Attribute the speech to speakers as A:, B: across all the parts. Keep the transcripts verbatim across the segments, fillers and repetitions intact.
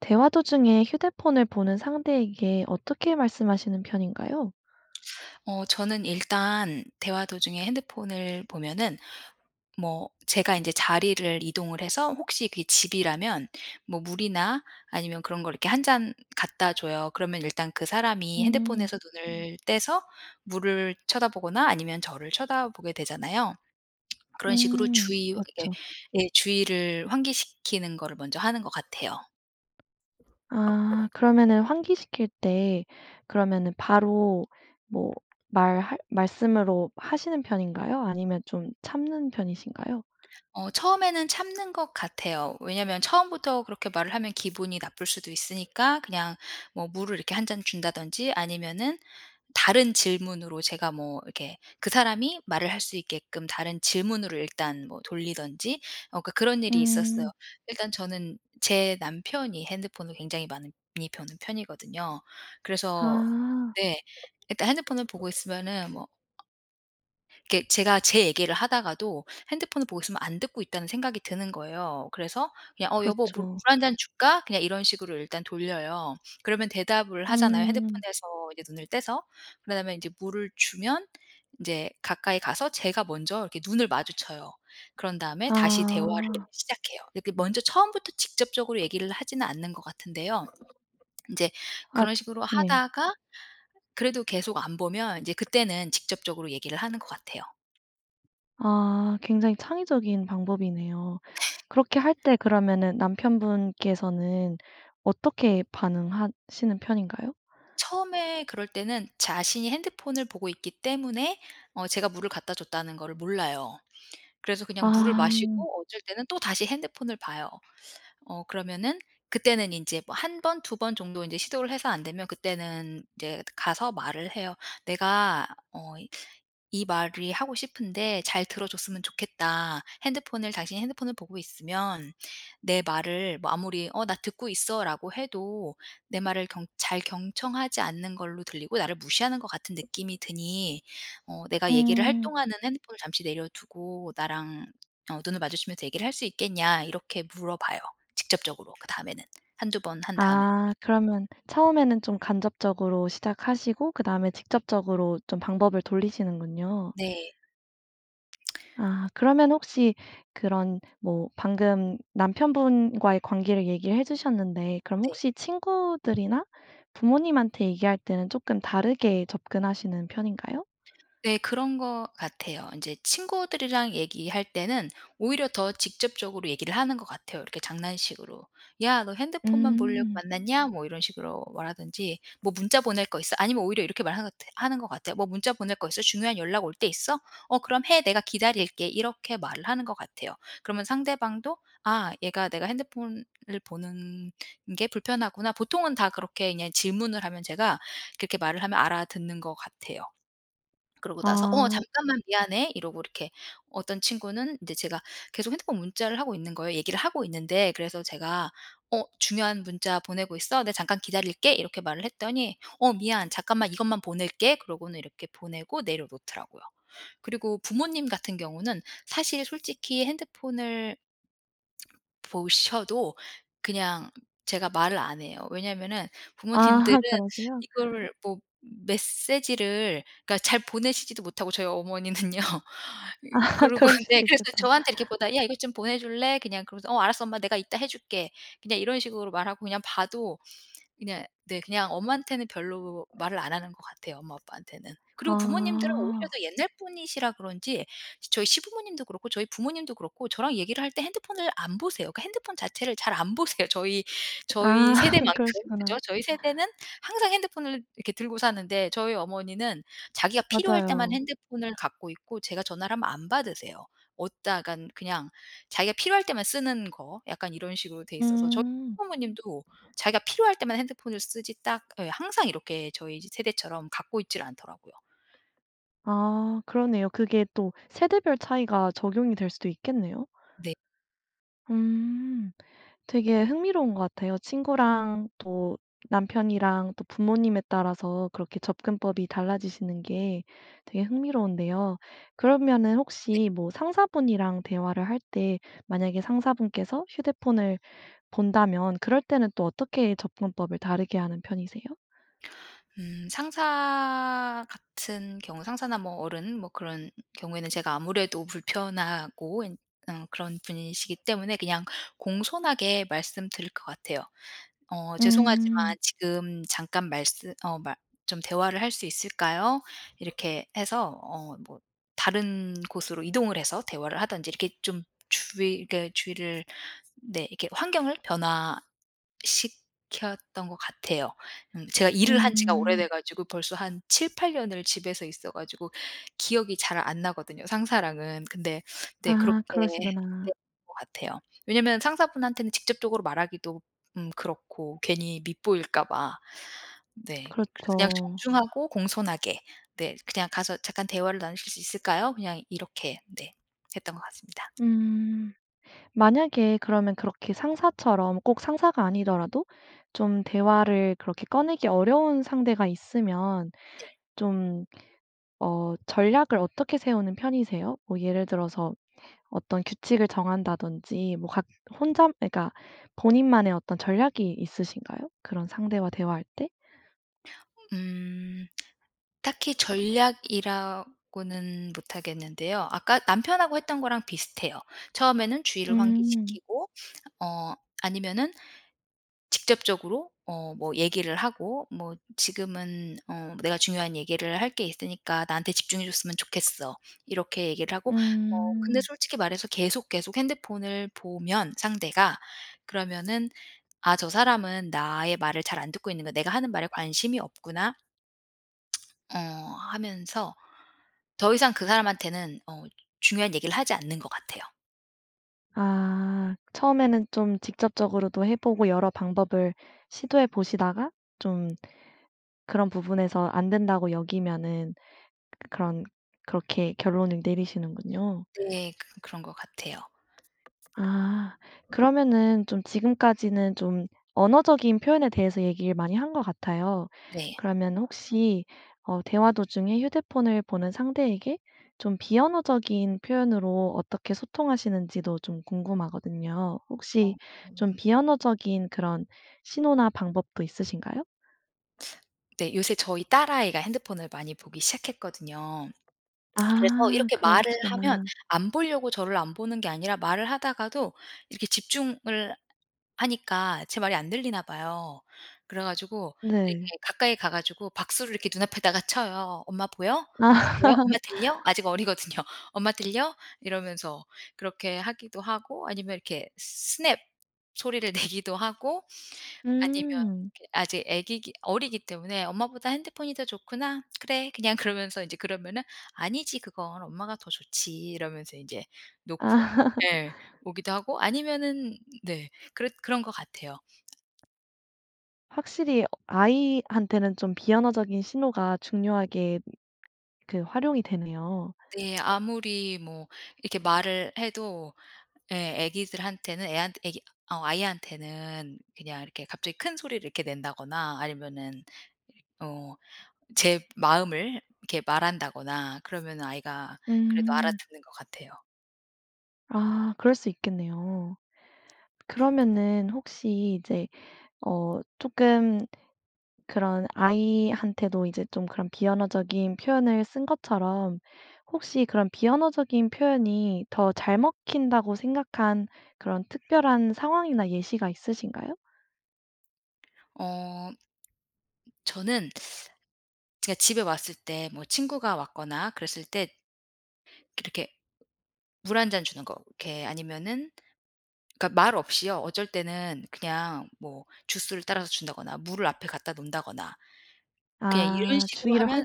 A: 대화 도중에 휴대폰을 보는 상대에게 어떻게 말씀하시는 편인가요?
B: 어 저는 일단 대화 도중에 핸드폰을 보면은 뭐 제가 인제 자리를 이동을 해서 혹시 그게 집이라면 뭐 물이나 아니면 그런 걸 이렇게 한 잔 갖다 줘요. 그러면 일단 그 사람이
A: 음.
B: 핸드폰에서 눈을 떼서 물을 쳐다 보거나 아니면 저를 쳐다 보게 되잖아요. 그런 식으로
A: 음.
B: 주의 예.
A: 맞죠.
B: 예 주의를 환기시키는 거를 먼저 하는 것 같아요.
A: 아 그러면은 환기시킬 때 그러면은 바로 뭐 말할 말씀으로 하시는 편인가요? 아니면 좀 참는 편이신가요?
B: 어 처음에는 참는 것 같아요. 왜냐하면 처음부터 그렇게 말을 하면 기분이 나쁠 수도 있으니까 그냥 뭐 물을 이렇게 한 잔 준다든지 아니면은 다른 질문으로 제가 뭐 이렇게 그 사람이 말을 할 수 있게끔 다른 질문으로 일단 뭐 돌리든지 어 그러니까 그런 일이 있었어요.
A: 음.
B: 일단 저는 제 남편이 핸드폰을 굉장히 많이 보는 편이거든요. 그래서
A: 아.
B: 네. 일단 핸드폰을 보고 있으면은 뭐 이렇게 제가 제 얘기를 하다가도 핸드폰을 보고 있으면 '안 듣고 있다.'는 생각이 드는 거예요. 그래서 그냥 "어 여보 물
A: 그렇죠.
B: 물 한 잔 줄까?" 그냥 이런 식으로 일단 돌려요. 그러면 대답을 하잖아요.
A: 음.
B: 핸드폰에서 이제 눈을 떼서 그다음에 인제 물을 주면 인제 가까이 가서 제가 먼저 이렇게 눈을 마주쳐요. 그런 다음에 다시 대화를
A: 아.
B: 시작해요. 이렇게 먼저 처음부터 직접적으로 얘기를 하지는 않는 것 같은데요. 인제
A: 앗
B: 그런 식으로
A: 네.
B: 하다가 그래도 계속 안 보면 인제 그때는 직접적으로 얘기를 하는 것 같아요.
A: 아 굉장히 창의적인 방법이네요. 그렇게 할 때 그러면은 남편분께서는 어떻게 반응하시는 편인가요?
B: 처음에 그럴 때는 자신이 핸드폰을 보고 있기 때문에 어 제가 물을 갖다 줬다는 거를 몰라요. 그래서 그냥 물을
A: 아.
B: 마시고 어쩔 때는 또다시 핸드폰을 봐요. 어 그러면은 그때는 이제 뭐 한 번, 두 번 정도 이제 시도를 해서 안 되면 그때는 이제 가서 말을 해요. "내가 어 이 말이 하고 싶은데 잘 들어 줬으면 좋겠다. 핸드폰을 당신이 핸드폰을 보고 있으면 내 말을 뭐 아무리 '어 나 듣고 있어.'라고 해도 내 말을 경 잘 경청하지 않는 걸로 들리고 나를 무시하는 것 같은 느낌이 드니 어 내가 얘기를 할
A: 어.
B: 동안은 핸드폰을 잠시 내려 두고 나랑 어 눈을 마주치면서 얘기를 할 수 있겠냐." 이렇게 물어봐요 직접적으로 그다음에는 한두 번 한 다음에는.
A: 아 그러면 처음에는 좀 간접적으로 시작하시고 그다음에 직접적으로 좀 방법을 돌리시는군요.
B: 네.
A: 아 그러면 혹시 그런 뭐 방금 남편분과의 관계를 얘기해 주셨는데 그럼
B: 네.
A: 혹시 친구들이나 부모님한테 얘기할 때는 쪼끔 다르게 접근하시는 편인가요?
B: 네. 그런 것 같아요. 인제 친구들이랑 얘기할 때는 오히려 더 직접적으로 얘기를 하는 것 같아요. 이렇게 장난식으로. "야 너 핸드폰만 보려고
A: 음.
B: 만났냐?" 뭐 이런 식으로 말하든지 "뭐 문자 보낼 거 있어?" 아니면 오히려 이렇게 말하는 하는 것 같아요. "뭐 문자 보낼 거 있어? 중요한 연락 올 때 있어? 어 그럼 해. 내가 기다릴게." 이렇게 말을 하는 것 같아요. 그러면 상대방도 '아 얘가 내가 핸드폰을 보는 게 불편하구나.' 보통은 다 그렇게 그냥 질문을 하면 제가 그렇게 말을 하면 알아듣는 것 같아요. 그러고 나서 "어
A: 아.
B: 잠깐만 미안해." 이러고 이렇게 어떤 친구는 이제 제가 계속 핸드폰 문자를 하고 있는 거예요, 얘기를 하고 있는데. 그래서 제가 어 "중요한 문자 보내고 있어? 나 잠깐 기다릴게." 이렇게 말을 했더니 "어 미안. 잠깐만 이것만 보낼게." 그러고는 이렇게 보내고 내려 놓더라고요. 그리고 부모님 같은 경우는 사실 솔직히 핸드폰을 보셔도 그냥 제가 말을 안 해요. 왜냐하면은 부모님들은
A: 아. 그러세요?
B: 이걸 뭐 메시지를 그러니까 잘 보내시지도 못 하고 저희 어머니는요. 어
A: 아
B: 그러고
A: 그러실
B: 네
A: 수
B: 그래서
A: 있겠다.
B: 저한테 이렇게 보다 "야 이거 좀 보내줄래?" 그냥 그러면서 "어 알았어. 엄마 내가 이따 해줄게." 그냥 이런 식으로 말하고 그냥 봐도 그냥 네 그냥 엄마한테는 별로 말을 안 하는 것 같아요 엄마 아빠한테는. 그리고 부모님들은 오히려
A: 아.
B: 더 옛날 분이시라 그런지 저희 시부모님도 그렇고 저희 부모님도 그렇고 저랑 얘기를 할 때 핸드폰을 안 보세요. 그 핸드폰 자체를 잘 안 보세요. 저희
A: 아
B: 저희 세대만큼.
A: 그러시구나.
B: 그죠? 저희 세대는 항상 핸드폰을 이렇게 들고 사는데 저희 어머니는 자기가 필요할 때만
A: 맞아요.
B: 핸드폰을 갖고 있고 제가 전화를 하면 안 받으세요. 어디다간 그냥 자기가 필요할 때만 쓰는 거. 약간 이런 식으로 돼 있어서 저희
A: 음.
B: 시부모님도 자기가 필요할 때만 핸드폰을 쓰지 딱 예 항상 이렇게 저희 지 세대처럼 갖고 있질 않더라고요.
A: 아 그러네요. 그게 또 세대별 차이가 적용이 될 수도 있겠네요.
B: 네.
A: 음. 되게 흥미로운 것 같아요. 친구랑 또 남편이랑 또 부모님에 따라서 그렇게 접근법이 달라지시는 게 되게 흥미로운데요. 그러면은
B: 네.
A: 혹시 뭐 상사분이랑 대화를 할 때 만약에 상사분께서 휴대폰을 본다면 그럴 때는 또 어떻게 접근법을 다르게 하는 편이세요?
B: 음 상사 같은 경우 상사나 뭐 어른 뭐 그런 경우에는 제가 아무래도 불편하고 엔 어 그런 분이시기 때문에 그냥 공손하게 말씀드릴 것 같아요. "어
A: 음.
B: 죄송하지만 지금 잠깐 말씀 어 말 좀 대화를 할 수 있을까요?" 이렇게 해서 어 뭐 다른 곳으로 이동을 해서 대화를 하든지 이렇게 좀 주의 그러니까 주의를 네. 이렇게 환경을 변화시켰던 것 같아요. 음 제가 일을 한 지가 오래돼
A: 음.
B: 가지고 벌써 한 칠팔 년을 집에서 있어 가지고 기억이 잘 안 나거든요 상사랑은. 근데 네. 그렇게
A: 아
B: 했던
A: 그러시구나.
B: 것 같아요. 왜냐면 상사분한테는 직접적으로 말하기도 음 그렇고 괜히 밉보일까봐. 네. 그래서 그냥
A: 그렇죠.
B: 정중하고 공손하게. 네 그냥 가서 "잠깐 대화를 나누실 수 있을까요?" 그냥 이렇게 네 했던 것 같습니다.
A: 음. 만약에 그러면 그렇게 상사처럼 꼭 상사가 아니더라도 좀 대화를 그렇게 꺼내기 어려운 상대가 있으면
B: 네.
A: 좀 어 전략을 어떻게 세우는 편이세요? 뭐 예를 들어서 어떤 규칙을 정한다든지 뭐 각 혼자 그니까 본인만의 어떤 전략이 있으신가요? 그런 상대와 대화할 때?
B: 음 딱히 전략이라고는 못하겠는데요. 아까 남편하고 했던 거랑 비슷해요. 처음에는 주의를
A: 음.
B: 환기시키고 어 아니면은 직접적으로 어 뭐 얘기를 하고 뭐 "지금은 어 내가 중요한 얘기를 할 게 있으니까 나한테 집중해 줬으면 좋겠어." 이렇게 얘기를 하고 어 근데
A: 음.
B: 솔직히 말해서 계속 계속 핸드폰을 보면 상대가 그러면은 '아 저 사람은 나의 말을 잘 안 듣고 있는가. 내가 하는 말에 관심이 없구나.' 어 하면서 더 이상 그 사람한테는 어 중요한 얘기를 하지 않는 것 같아요.
A: 아. 처음에는 좀 직접적으로도 해 보고 여러 방법을 시도해 보시다가 좀 그런 부분에서 안 된다고 여기면은 그 그런 그렇게 결론을 내리시는군요.
B: 네. 그 그런 것 같아요.
A: 아. 그러면은 좀 지금까지는 좀 언어적인 표현에 대해서 얘기를 많이 한 것 같아요.
B: 네.
A: 그러면 혹시 어 대화 도중에 휴대폰을 보는 상대에게 좀 비언어적인 표현으로 어떻게 소통하시는지도 좀 궁금하거든요.
B: 어.
A: 혹시 좀
B: [unintelligible]
A: 비언어적인 그런 신호나 방법도 있으신가요?
B: 네. 요새 저희 딸아이가 핸드폰을 많이 보기 시작했거든요. 그래서
A: 아
B: 이렇게
A: 그런
B: 말을
A: [unintelligible]
B: 하면
A: 구나.
B: 안 보려고 저를 안 보는 게 아니라 말을 하다가도 이렇게 집중을 하니까 제 말이 안 들리나 봐요. 그래가지고 이렇게
A: 네.
B: 가까이 가 가지고 박수를 이렇게 눈앞에다가 쳐요. "엄마 보여? 엄마
A: 아.
B: 보여? 엄마 들려?" 아직 어리거든요. "엄마 들려?" 이러면서 그렇게 하기도 하고 아니면 이렇게 스냅 소리를 내기도 하고. 아니면
A: 음.
B: 이게 아직 애기기 어리기 때문에 "엄마보다 핸드폰이 더 좋구나. 그래." 그냥 그러면서 이제 그러면은 "아니지 그건. 엄마가 더 좋지." 이러면서 이제 놓고
A: 아.
B: 네. 오기도 하고 아니면은 네. 그랬 그런 것 같아요.
A: 확실히 어 아이한테는 좀 비언어적인 신호가 중요하게 그 활용이 되네요.
B: 네. 아무리 뭐 이렇게 말을 해도 예 애기들한테는 애한테 애기 어 아이한테는 그냥 이렇게 갑자기 큰 소리를 이렇게 낸다거나 아니면은 이 어 제 마음을 이렇게 말한다거나 그러면은 아이가 그래도
A: 음.
B: 알아듣는 것 같아요.
A: 아. 그럴 수 있겠네요. 그러면은 혹시 이제 어 쪼끔 그런 아이한테도 이제 좀 그런 비언어적인 표현을 쓴 것처럼 혹시 그런 비언어적인 표현이 더 잘 먹힌다고 생각한 그런 특별한 상황이나 예시가 있으신가요?
B: 어. 저는 제가 집에 왔을 때 뭐 친구가 왔거나 그랬을 때 이렇게 물 한 잔 주는 거. 이렇게 아니면은 그러니까 말 없이요. 어쩔 때는 그냥 뭐 주스를 따라서 준다거나 물을 앞에 갖다 놓는다거나. 그냥 이런
A: 아.
B: 식으로
A: 주의를
B: 하면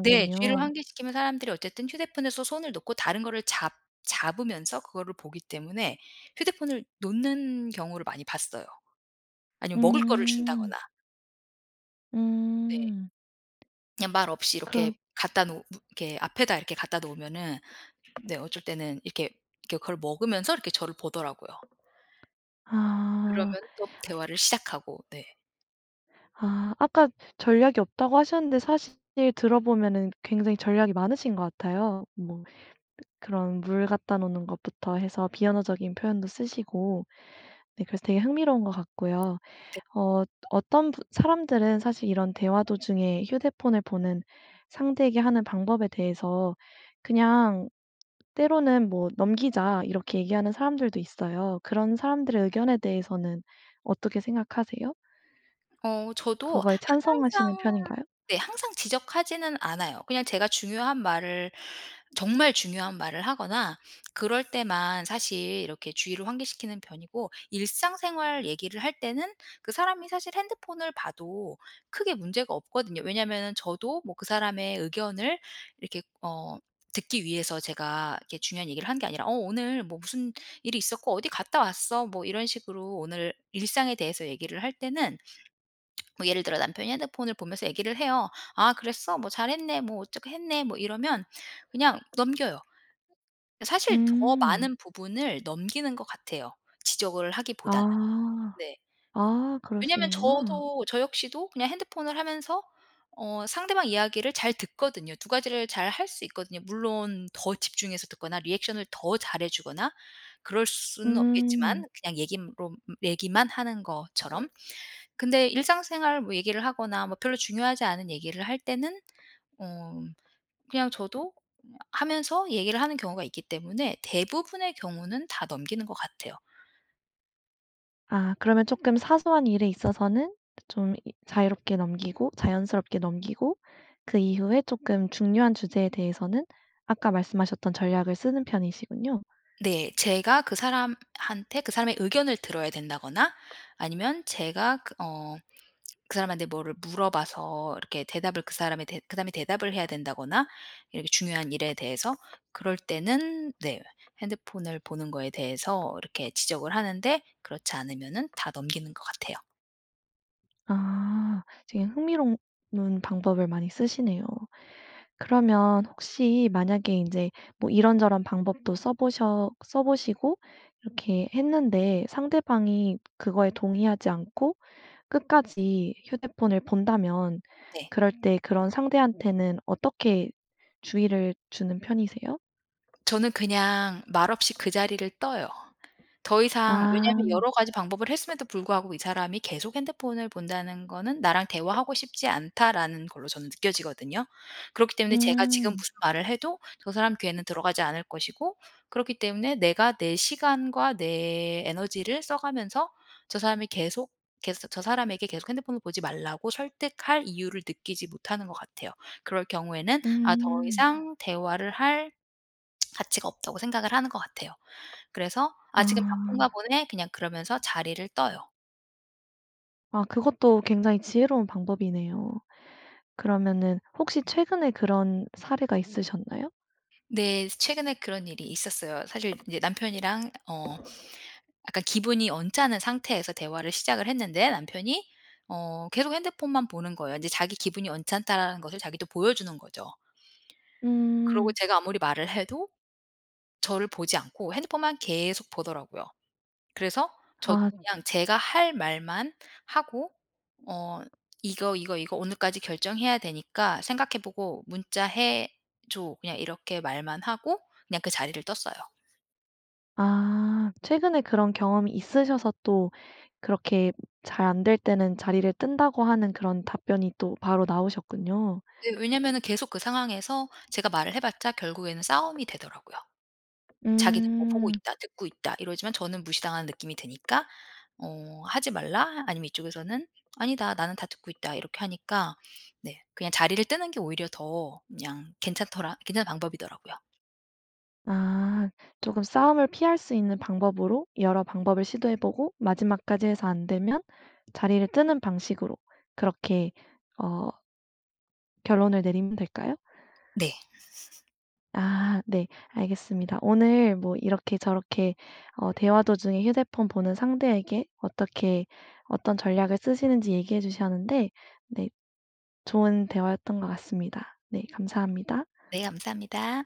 B: 네 주의를 환기시키면 사람들이 어쨌든 휴대폰에서 손을 놓고 다른 거를 잡 잡으면서 그거를 보기 때문에 휴대폰을 놓는 경우를 많이 봤어요. 아니면 먹을 거를
A: 음.
B: 준다거나. 네.
A: 음.
B: 그냥 말 없이
A: 그럼
B: 이렇게 갖다 놓으 므 이렇게 앞에다 이렇게 갖다 놓으면은 네 어쩔 때는 이렇게 이렇게 그걸 먹으면서 이렇게 저를 보더라고요.
A: 아.
B: 그러면은 또 대화를 시작하고. 네.
A: 아. 아까 전략이 없다고 하셨는데 사실 들어보면은 굉장히 전략이 많으신 것 같아요. 뭐 그 그런 물 갖다 놓는 것부터 해서 비언어적인 표현도 쓰시고. 네. 그래서 되게 흥미로운 것 같고요.
B: 네.
A: 어. 어 또 어떤 분 사람들은 사실 이런 대화 도중에 휴대폰을 보는 상대에게 하는 방법에 대해서 그냥 때로는 뭐 "넘기자." 이렇게 얘기하는 사람들도 있어요. 그런 사람들의 의견에 대해서는 어떻게 생각하세요?
B: 어. 저도
A: 그거에 찬성하시는
B: 항상
A: 편인가요?
B: 네 항상 지적하지는 않아요. 그냥 제가 중요한 말을 정말 중요한 말을 하거나 그럴 때만 사실 이렇게 주의를 환기시키는 편이고 일상생활 얘기를 할 때는 그 사람이 사실 핸드폰을 봐도 크게 문제가 없거든요. 왜냐하면은 저도 뭐 그 사람의 의견을 이렇게 어 듣기 위해서 제가 이렇게 중요한 얘기를 한 게 아니라 "어 오늘 뭐 무슨 일이 있었고 어디 갔다 왔어." 뭐 이런 식으로 오늘 일상에 대해서 얘기를 할 때는 뭐 예를 들어 남편이 핸드폰을 보면서 얘기를 해요. "아 그랬어?" "뭐 잘했네." "뭐 어떻게 했네." 뭐 이러면 그냥 넘겨요. 사실 더
A: 음.
B: 많은 부분을 넘기는 것 같아요. 지적을 하기보다는.
A: 아.
B: 네.
A: 아
B: 왜냐하면
A: 그러시는구나.
B: 저도 저 역시도 그냥 핸드폰을 하면서 어 상대방 이야기를 잘 듣거든요. 두 가지를 잘 할 수 있거든요. 물론 더 집중해서 듣거나 리액션을 더 잘 해주거나 그럴 수는
A: 음.
B: 없겠지만 그냥 얘기롬 얘기만 하는 거처럼. 근데 일상생활 뭐 얘기를 하거나 뭐 별로 중요하지 않은 얘기를 할 때는 어. 그냥 저도 하면서 얘기를 하는 경우가 있기 때문에 대부분의 경우는 다 넘기는 것 같아요.
A: 아 그러면 쪼끔 사소한 일에 있어서는 좀 이 자유롭게 넘기고 자연스럽게 넘기고 그 이후에 쪼끔 중요한 주제에 대해서는 아까 말씀하셨던 전략을 쓰는 편이시군요.
B: 네. 제가 그 사람한테 그 사람의 의견을 들어야 된다거나 아니면 제가 그 어 그 사람한테 뭐를 물어봐서 이렇게 대답을 그 사람이 대 그다음에 대답을 해야 된다거나 이렇게 중요한 일에 대해서 그럴 때는 네 핸드폰을 보는 거에 대해서 이렇게 지적을 하는데 그렇지 않으면은 다 넘기는 것 같아요.
A: 아 지금 흥미로우 운 방법을 많이 쓰시네요. 그러면 혹시 만약에 인제 뭐 이런저런 방법도 써 보셔 써 보시고 이렇게 했는데 상대방이 그거에 동의하지 않고 끝까지 휴대폰을 본다면
B: 네.
A: 그럴 때 그런 상대한테는 어떻게 주의를 주는 편이세요?
B: 저는 그냥 말없이 그 자리를 떠요. 더 이상
A: 아.
B: 왜냐하면 여러 가지 방법을 했음에도 불구하고 이 사람이 계속 핸드폰을 본다는 거는 '나랑 대화하고 싶지 않다.'라는 걸로 저는 느껴지거든요. 그렇기 때문에 제가 지금
A: 음.
B: 무슨 말을 해도 저 사람 귀에는 들어가지 않을 것이고 그렇기 때문에 내가 내 시간과 내 에너지를 써 가면서 저 사람이 계속, 계소 저 사람에게 계속 핸드폰을 보지 말라고 설득할 이유를 느끼지 못하는 것 같아요. 그럴 경우에는 '아 더
A: 음.
B: 이상 대화를 할 가치가 없다.'고 생각을 하는 거 같아요. 그래서 "아 지금 바쁜가
A: 아.
B: 보네." 그냥 그러면서 자리를 떠요.
A: 아 그것도 굉장히 지혜로운 방법이네요. 그러면은 혹시 최근에 그런 사례가 있으셨나요?
B: 네. 최근에 그런 일이 있었어요. 사실 이제 남편이랑 어 약간 기분이 언짢은 상태에서 대화를 시작을 했는데 남편이 어 계속 핸드폰만 보는 거예요. 인제 자기 기분이 언짢다라는 것을 자기도 보여주는 거죠. 그러고
A: 음.
B: 제가 아무리 말을 해도 저를 보지 않고 핸드폰만 계속 보더라고요. 그래서 저도
A: 아.
B: 그냥 제가 할 말만 하고 어 "이거 이거 이거 오늘까지 결정해야 되니까 생각해 보고 문자 해 줘." 그냥 이렇게 말만 하고 그냥 그 자리를 떴어요.
A: 아 최근에 그런 경험이 있으셔서 또 그렇게 잘 안 될 때는 자리를 뜬다고 하는 그런 답변이 또 바로 나오셨군요.
B: 네. 왜냐하면은 계속 그 상황에서 제가 말을 해 봤자 결국에는 싸움이 되더라고요. 자기는 뭐 "보고
A: 음.
B: 있다. 듣고 있다." 이러지만 저는 무시당한 느낌이 드니까 어 "하지 말라." 아니면 이쪽에서는 "아니다. 나는 다 듣고 있다." 이렇게 하니까 네. 그냥 자리를 뜨는 게 오히려 더 그냥 괜찮더라 괜찮은 방법이더라고요.
A: 아 조금 싸움을 피할 수 있는 방법으로 여러 방법을 시도해 보고 마지막까지 해서 안 되면 자리를 뜨는 방식으로 그렇게 어 결론을 내리면 될까요?
B: 네.
A: 아 네. 알겠습니다. 오늘 뭐 이렇게 저렇게 어 대화 도중에 휴대폰 보는 상대에게 어떻게 어떤 전략을 쓰시는지 얘기해 주셨는데 네 좋은 대화였던 것 같습니다. 네. 감사합니다.
B: 네. 감사합니다.